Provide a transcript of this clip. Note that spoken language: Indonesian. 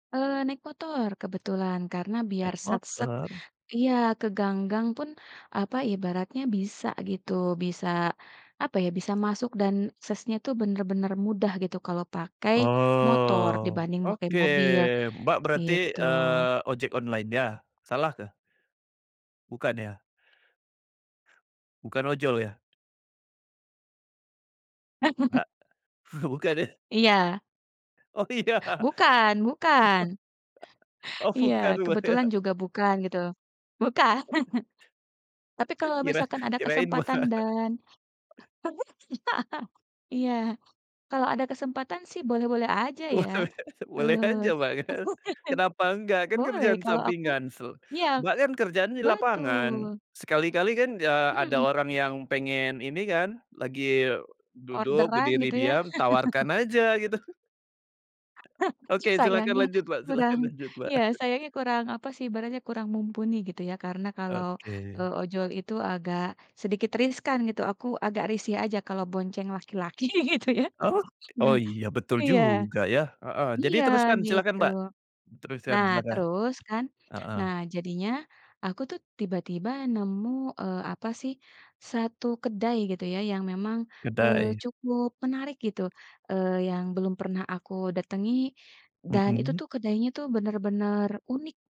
Eee, naik motor kebetulan karena biar Naik sat-set motor? iya ke gang-gang pun, apa, ibaratnya bisa gitu bisa, apa ya, bisa masuk dan aksesnya tuh bener-bener mudah gitu kalau pakai motor Oh, dibanding pakai oke, mobil, Mbak, berarti, gitu. eee, ojek online-nya? Salahkah? Bukan ya? Bukan ojol ya? A bukan ya? Iya. Oh, iya. Bukan bukan. Oh, Iya bukan, Mbak, ya? kebetulan juga bukan gitu, bukan. Tapi kalau Kira misalkan ada kirain, Mbak. kesempatan dan iya, kalau ada kesempatan sih boleh-boleh aja Wah, ya, weh. Boleh boleh eee, aja, Mbak, kan. Kenapa nggak kan boleh kerjaan kalau aku sampingan se iya, Mbak, kan kerjaannya di lapangan betul. sekali-kali kan ya ada Mhm. orang yang pengen ini kan, lagi duduk Orderan berdiri gitu ya. diam tawarkan aja gitu. Oke silahkan Sayangnya lanjut, Mbak silahkan kurang, lanjut, Mbak. iya sayangnya kurang apa sih ibaratnya kurang mumpuni gitu ya. Karena kalau, Oke. eee, ojol itu agak sedikit riskan gitu, aku agak risih aja kalau bonceng laki-laki gitu ya. Ok oh Nah iya, betul iya. juga ya heeh, jadi Iya, teruskan silakan, gitu. Mbak, teruskan Nah, silakan, terus kan, heeh. nah jadinya aku tuh tiba-tiba nemu, eee, apa sih, satu kedai gitu ya yang memang, eee, Kedai. cukup menarik gitu, eee, yang belum pernah aku datangi dan itu Mhm. tuh kedainya tuh bener-bener unik.